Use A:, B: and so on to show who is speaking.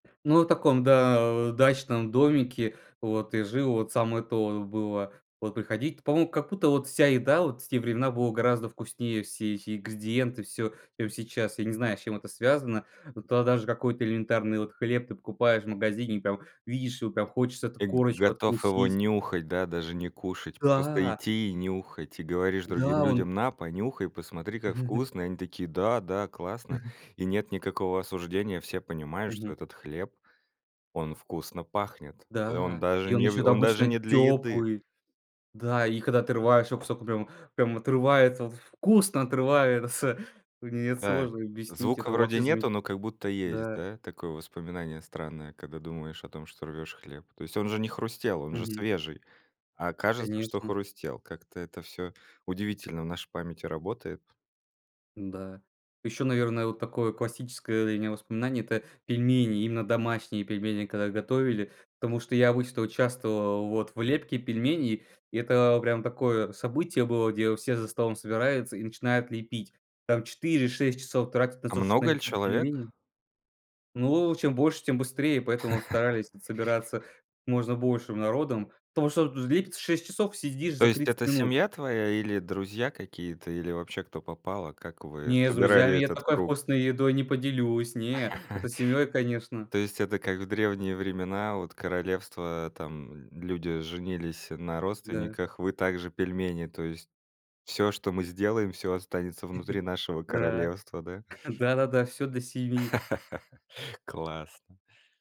A: Ну, от таком, да, э, дачном домике вот и жил. Вот самое то вот было. Вот приходить По-моему, как будто вот вся еда вот в те времена была гораздо вкуснее, все эти ингредиенты, всё, чем сейчас. Я не знаю, с чем это связано. Вот тогда даже какой-то элементарный вот хлеб ты покупаешь в магазине и прям видишь его, прям хочется эту
B: Э, г
A: корочку
B: готов его
A: откусить.
B: нюхать, да, даже не кушать, просто
A: Да.
B: идти и нюхать. И говоришь другим
A: Да, он
B: людям: "На, понюхай, посмотри, как вкусно!" И они такие: "Да-да, классно." И нет никакого осуждения, все понимают,
A: Мгм.
B: что этот хлеб, он вкусно пахнет, э, он
A: Да.
B: даже
A: И он
B: не э,
A: ещё, да,
B: он даже
A: обычно
B: не для еды.
A: тёплый. Да. И когда отрываешь его кусок, ну, прям прям отрывается, вот в вкусно отрывается. Мне это
B: Да.
A: сложно объяснить,
B: Звука
A: это
B: вроде
A: вообще замечате
B: нету, но как будто есть,
A: Да.
B: да, такое воспоминание странное, когда думаешь о том, что рвёшь хлеб. То есть он же не хрустел, он же
A: Мгм.
B: свежий, а кажется, что
A: Конечно.
B: хрустел. Как-то это всё удивительно в нашей памяти работает.
A: Да. Ещё, наверное, вот такое классическое для меня воспоминание- это пельмени, именно домашние пельмени, когда готовили. Потому что я обычно участвовал, вот, в лепке пельменей. И это прям такое событие было, где все за столом собираются и начинают лепить. Там 4-6 часов тратят на
B: А
A: то, что
B: много ли
A: налепить
B: человек?
A: пельмени. Ну, э, чем больше, тем быстрее, поэтому вот старались вот собираться можно большим народом. Потому что вот, э, лепится 6 часов- съешь
B: То
A: за
B: есть
A: 30
B: это
A: минут.
B: семья твоя, или друзья какие-то, или вообще кто попало? Как вы
A: Не, с
B: собирали
A: друзьями я
B: этот
A: такой
B: круг?
A: вкусной едой не поделюсь, не. Это с семьей, конечно.
B: То есть это как в древние времена: вот королевства, там, м, люди женились, э, на
A: Да.
B: родственниках, вы также- пельмени, то есть всё, что мы сделаем, всё останется внутри нашего
A: Да.
B: королевства, да?
A: Да-да-да, всё для семьи.
B: Классно.